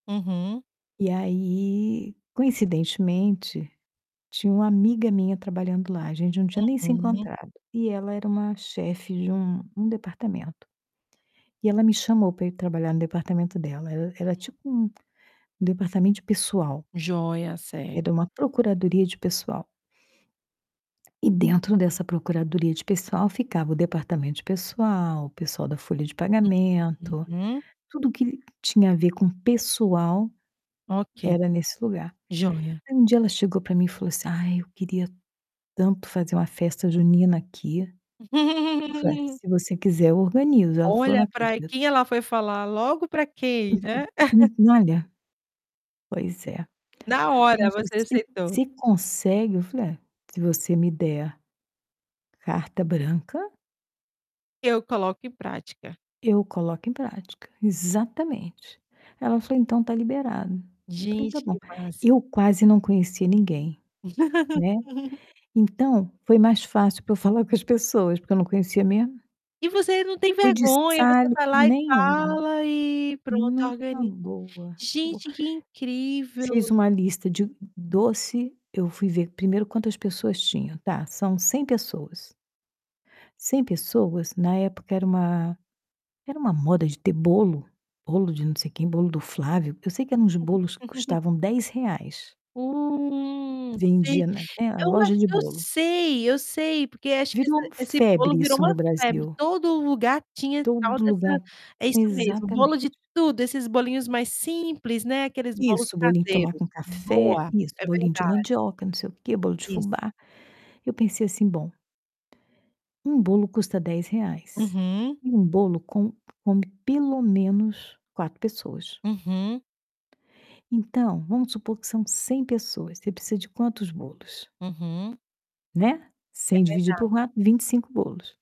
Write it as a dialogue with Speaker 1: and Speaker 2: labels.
Speaker 1: Uhum.
Speaker 2: E aí, coincidentemente, tinha uma amiga minha trabalhando lá, a gente não tinha nem se
Speaker 1: Uhum.
Speaker 2: encontrado. E ela era uma chefe de um um departamento. E ela me chamou para ir trabalhar no departamento dela, era era
Speaker 1: Uhum.
Speaker 2: tipo um departamento de pessoal.
Speaker 1: Jóia, certo.
Speaker 2: Era uma procuradoria de pessoal. E dentro dessa procuradoria de pessoal, ficava o departamento de pessoal, o pessoal da folha de pagamento,
Speaker 1: Uhum.
Speaker 2: tudo que tinha a ver com pessoal,
Speaker 1: Ok,
Speaker 2: era nesse lugar.
Speaker 1: joia.
Speaker 2: Aí, um dia ela chegou para mim e falou assim: "Ai, eu queria tanto fazer uma festa junina aqui". Eu falei: "Ué, se você quiser, eu organizo", aí ela falou:
Speaker 1: Olha
Speaker 2: "Não
Speaker 1: para
Speaker 2: acredito".
Speaker 1: quem ela foi falar, logo para quem, né.
Speaker 2: [unintelligible] Olha, pois é.
Speaker 1: Na
Speaker 2: "Aí,
Speaker 1: hora
Speaker 2: mas
Speaker 1: você
Speaker 2: você
Speaker 1: aceitou.
Speaker 2: você consegue?", eu falei: "Ah, se você me der, carta branca"
Speaker 1: "E eu coloco em prática".
Speaker 2: "eu coloco em prática", exatamente. Ela falou: "Então, está liberado". Eu falei: "Está
Speaker 1: Gente,
Speaker 2: bom".
Speaker 1: que massa.
Speaker 2: Eu quase não conhecia ninguém, né, então, foi mais fácil para eu falar com as pessoas, porque eu não conhecia mesmo.
Speaker 1: E você não tem
Speaker 2: Fui de
Speaker 1: vergonha, você
Speaker 2: [unintelligible]
Speaker 1: vai lá e
Speaker 2: nenhuma.
Speaker 1: fala e pronto,
Speaker 2: Numa
Speaker 1: organiza.
Speaker 2: boa, numa boa.
Speaker 1: Gente, que incrível.
Speaker 2: Fiz uma lista de doce, eu fui ver primeiro quantas pessoas tinham: "Tá, são 100 pessoas" "100 pessoas?", na época era uma era uma moda de ter bolo, bolo de não sei quem, bolo do Flávio. Eu sei que eram uns bolos que custavam R$10.
Speaker 1: Hum, sei.
Speaker 2: Vendia na É, a
Speaker 1: Eu
Speaker 2: loja
Speaker 1: acho
Speaker 2: de
Speaker 1: que eu
Speaker 2: bolo.
Speaker 1: sei, eu sei, porque acho que esse
Speaker 2: Virou
Speaker 1: esse bolo
Speaker 2: febre
Speaker 1: virou
Speaker 2: isso
Speaker 1: uma
Speaker 2: no
Speaker 1: febre,
Speaker 2: Brasil.
Speaker 1: todo lugar tinha tal
Speaker 2: Todo
Speaker 1: dessa
Speaker 2: lugar
Speaker 1: é isso mesmo, bolo
Speaker 2: exatamente.
Speaker 1: de tudo, esses bolinhos mais simples, né, aqueles bolos
Speaker 2: Isso, bolinho de tomar
Speaker 1: caseiros,
Speaker 2: com café,
Speaker 1: boa,
Speaker 2: isso,
Speaker 1: é
Speaker 2: bolinho de
Speaker 1: verdade.
Speaker 2: mandioca, não sei o quê, bolo de
Speaker 1: Isso.
Speaker 2: fubá. Eu pensei assim: "Bom" um bolo custa R$10,
Speaker 1: Uhum.
Speaker 2: e um bolo com come, pelo menos, 4 pessoas
Speaker 1: Uhum.
Speaker 2: "então, vamos supor que são 100 pessoas, você precisa de quantos bolos?".
Speaker 1: Uhum.
Speaker 2: Né,
Speaker 1: É
Speaker 2: 100 dividido
Speaker 1: verdade.
Speaker 2: por 4, 25 bolos.